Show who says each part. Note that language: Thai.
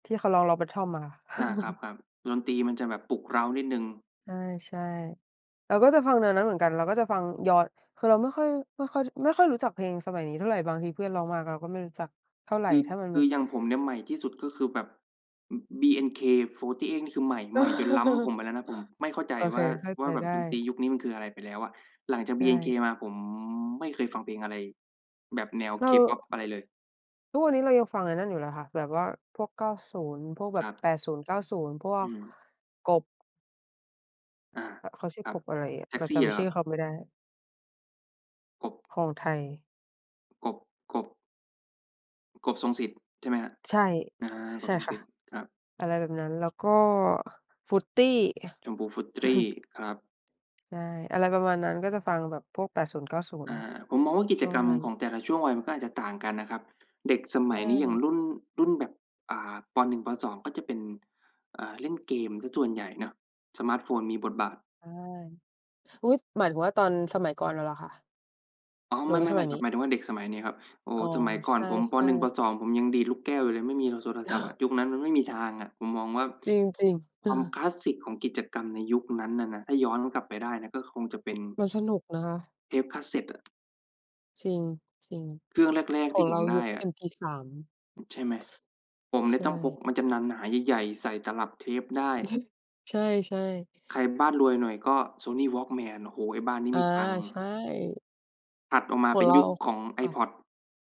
Speaker 1: ที่เขาร้อง Longbottom อะค่ะ
Speaker 2: อา ครับ ๆ ดนตรี มันจะแบบปลุกเร้านิดหนึ่ง
Speaker 1: ใช่ ๆ เราก็จะฟังแนวนั้นเหมือนกัน เราก็จะฟังย้อน คือเราไม่ค่อย ไม่ค่อย ด ไม่ค่อยรู้จักเพลงสมัยนี้เท่าไร บางทีเพื่อนร้องมาเราก็ไม่รู้จักเท่าไร
Speaker 2: คือ
Speaker 1: ถ้ามัน
Speaker 2: ค
Speaker 1: แ
Speaker 2: ื
Speaker 1: บ
Speaker 2: อ
Speaker 1: บ
Speaker 2: อย่างผมเนี่ย ใหม่ที่สุดก็คือแบบ อ BNK48 นี่คือใหม่ ใหม่จนล้ำผมไปแล้วนะ ผมไม่เข้าใจ
Speaker 1: โอ
Speaker 2: ว
Speaker 1: เค
Speaker 2: ่า
Speaker 1: เข้า
Speaker 2: ว
Speaker 1: ใ
Speaker 2: ่
Speaker 1: จ
Speaker 2: าแบ
Speaker 1: ไ
Speaker 2: บ
Speaker 1: ด
Speaker 2: ดนตรี
Speaker 1: ้
Speaker 2: ยุคนี้มันคืออะไรไปแล้วอะ หลังจาก
Speaker 1: ใช
Speaker 2: BNK
Speaker 1: ่
Speaker 2: มาผมไม่เคยฟังเพลงอะไร แบบแนว
Speaker 1: เร
Speaker 2: K
Speaker 1: า
Speaker 2: pop อะไรเลย
Speaker 1: ทุกวันนี้เรายังฟังไอ้นั้นอยู่เลยค่ะ แบบว่าพวก 90 พวกแบ
Speaker 2: คร
Speaker 1: บ
Speaker 2: ับ
Speaker 1: 80 90 พว
Speaker 2: อื
Speaker 1: ก
Speaker 2: ม
Speaker 1: กบ
Speaker 2: อา
Speaker 1: อ เขาชื่
Speaker 2: ค
Speaker 1: อ
Speaker 2: รั
Speaker 1: ก
Speaker 2: บ
Speaker 1: บอะไรอะ
Speaker 2: แท็
Speaker 1: เ
Speaker 2: ก
Speaker 1: รา
Speaker 2: ซ
Speaker 1: จ
Speaker 2: ี่ เหร
Speaker 1: ำ
Speaker 2: อ
Speaker 1: ช
Speaker 2: คร
Speaker 1: ื่
Speaker 2: ั
Speaker 1: อ
Speaker 2: บ?
Speaker 1: เขาไม่ได้
Speaker 2: กบ
Speaker 1: ของไทย
Speaker 2: อ กบ กบ กบ ทรงสิทธิ์ ใช่ไหมครับ
Speaker 1: ใช่
Speaker 2: อา ก
Speaker 1: ใช
Speaker 2: บ
Speaker 1: ่
Speaker 2: ทรง
Speaker 1: ค่
Speaker 2: ส
Speaker 1: ะ
Speaker 2: ิทธิ์ ครับ
Speaker 1: อะไรแบบนั้น แล้วก็ ฟรุตตี้
Speaker 2: ชมพู ฟรุตตี้ครับ
Speaker 1: ใช่ อะไรประมาณนั้น ก็จะฟังแบบพวก 80 90
Speaker 2: อา ผมมองว่ากิ
Speaker 1: ช
Speaker 2: จ
Speaker 1: ่ว
Speaker 2: ก
Speaker 1: ง
Speaker 2: รรม
Speaker 1: นั้น
Speaker 2: ของแต่ละช่วงวัยมันก็อาจจะต่างกันนะครับ เด็ก
Speaker 1: ใ
Speaker 2: สม
Speaker 1: ช
Speaker 2: ัยนี้อย่าง
Speaker 1: ่
Speaker 2: รุ่น รุ่นแบบ อ่า ป. 1 ป. 2 ก็จะเป็น อ่า เล่นเกมเสียส่วนใหญ่เนาะ สมาร์ตโฟนมีบทบาท
Speaker 1: ใช่ อุ๊ย หมายถึงว่าตอนสมัยก่อนเราเหรอคะ?
Speaker 2: อ๋อ
Speaker 1: หรื
Speaker 2: ไม
Speaker 1: อ
Speaker 2: ่
Speaker 1: ว
Speaker 2: ๆ
Speaker 1: ่าส
Speaker 2: ไ
Speaker 1: ม
Speaker 2: ม่
Speaker 1: ัย
Speaker 2: ค
Speaker 1: น
Speaker 2: รับ
Speaker 1: ี้?
Speaker 2: หมายถึงว่าเด็กสมัยนี้ครับ โอ้
Speaker 1: อ๋อ
Speaker 2: สมัยก่อ
Speaker 1: ใช
Speaker 2: นผม ป.
Speaker 1: ่
Speaker 2: 1 ป.
Speaker 1: ๆ
Speaker 2: 2 ผมยังดีดลูกแก้วอยู่เลย ไม่มีหรอกสด โทรศัพท์อะ ยุคนั้นมันไม่มีทางอะ ผมมองว่า
Speaker 1: จริง ๆ เ
Speaker 2: ค
Speaker 1: อ
Speaker 2: ว
Speaker 1: อ
Speaker 2: ามคลาสสิกของกิจกรรมในยุคนั้นอะนะ ถ้าย้อนกลับไปได้นะก็คงจะเป็น
Speaker 1: มันสนุกนะคะ
Speaker 2: เทป Cassette อะ
Speaker 1: จริง จริง
Speaker 2: เครื่องแรก
Speaker 1: ข
Speaker 2: ๆ
Speaker 1: อ
Speaker 2: ที
Speaker 1: ง
Speaker 2: ่ผ
Speaker 1: เร
Speaker 2: ม
Speaker 1: า
Speaker 2: ได
Speaker 1: ยุ
Speaker 2: ้
Speaker 1: ค
Speaker 2: อะ
Speaker 1: MP3
Speaker 2: ใช่ไหม ผมเน
Speaker 1: ใ
Speaker 2: ี
Speaker 1: ช
Speaker 2: ่ียต้องพก
Speaker 1: ่
Speaker 2: มันจะหนา ๆ ใหญ่ ๆ ใส่ตลับเทปได้
Speaker 1: ใช่ ๆ
Speaker 2: ใครบ้านรวยหน่อยก็ Sony Walkman โอ้โฮ ไอ้บ้านนี้
Speaker 1: อา
Speaker 2: มีตังค์อ
Speaker 1: ใช
Speaker 2: ะ
Speaker 1: ่
Speaker 2: ถัดออกมา
Speaker 1: ขอ
Speaker 2: เป
Speaker 1: ง
Speaker 2: ็น
Speaker 1: เร
Speaker 2: ยุ
Speaker 1: า
Speaker 2: คของ
Speaker 1: ค่ะ
Speaker 2: iPod